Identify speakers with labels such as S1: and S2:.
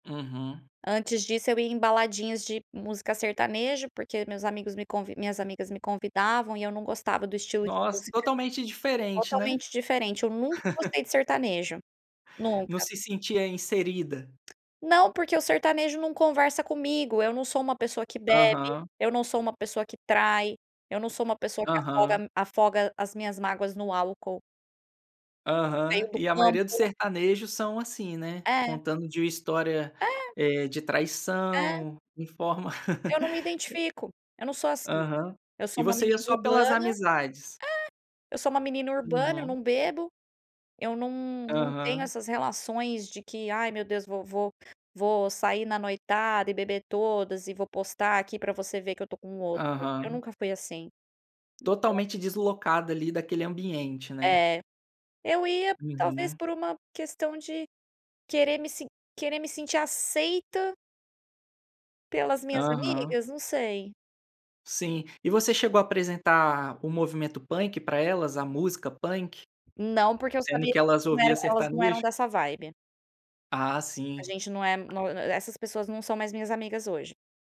S1: Uhum.
S2: Antes disso, eu ia em baladinhas de música sertanejo, porque meus amigos me convi minhas amigas me convidavam e eu não gostava do estilo de
S1: Nossa,
S2: música
S1: totalmente diferente, né?
S2: totalmente diferente, eu nunca gostei de sertanejo,
S1: Não
S2: nunca!
S1: se sentia inserida.
S2: Não, porque o sertanejo não conversa comigo. Eu não sou uma pessoa que bebe,
S1: Aham.
S2: eu não sou uma pessoa que trai, eu não sou uma pessoa que afoga
S1: Aham.
S2: m afoga as minhas mágoas no álcool. Veio
S1: Aham.
S2: do
S1: E a maioria dos
S2: campo.
S1: sertanejos são assim, né?
S2: É.
S1: Contando de história,
S2: É.
S1: eh, de
S2: É.
S1: traição em forma
S2: Eu não me
S1: E
S2: identifico, eu não sou assim.
S1: Aham.
S2: Eu sou
S1: E
S2: uma
S1: você ia
S2: menina
S1: só pelas
S2: urbana
S1: amizades?
S2: é! Eu sou uma menina urbana, eu
S1: Uhum.
S2: não bebo, eu não não tenho
S1: Aham.
S2: essas relações de que: "Ai, meu Deus, vo vo vou sair na noitada e beber todas e vou postar aqui pra você ver que eu tô com outro.", eu
S1: Aham.
S2: nunca fui assim. Então
S1: Totalmente deslocado ali daquele ambiente, né?
S2: É. Eu ia, talvez,
S1: Uhum.
S2: por uma questão de querer me se querer me sentir aceita pelas minhas
S1: Aham.
S2: amigas? Não sei.
S1: Sim. E você chegou apresentar o movimento punk pra elas, a música punk?
S2: Não porque eu
S1: Sendo
S2: sabia
S1: que elas
S2: não
S1: ouviam
S2: eram elas não eram
S1: sertanejo?
S2: dessa vibe.
S1: Ah,
S2: A
S1: sim.
S2: gente não é no e e essas pessoas não são mais minhas amigas hoje.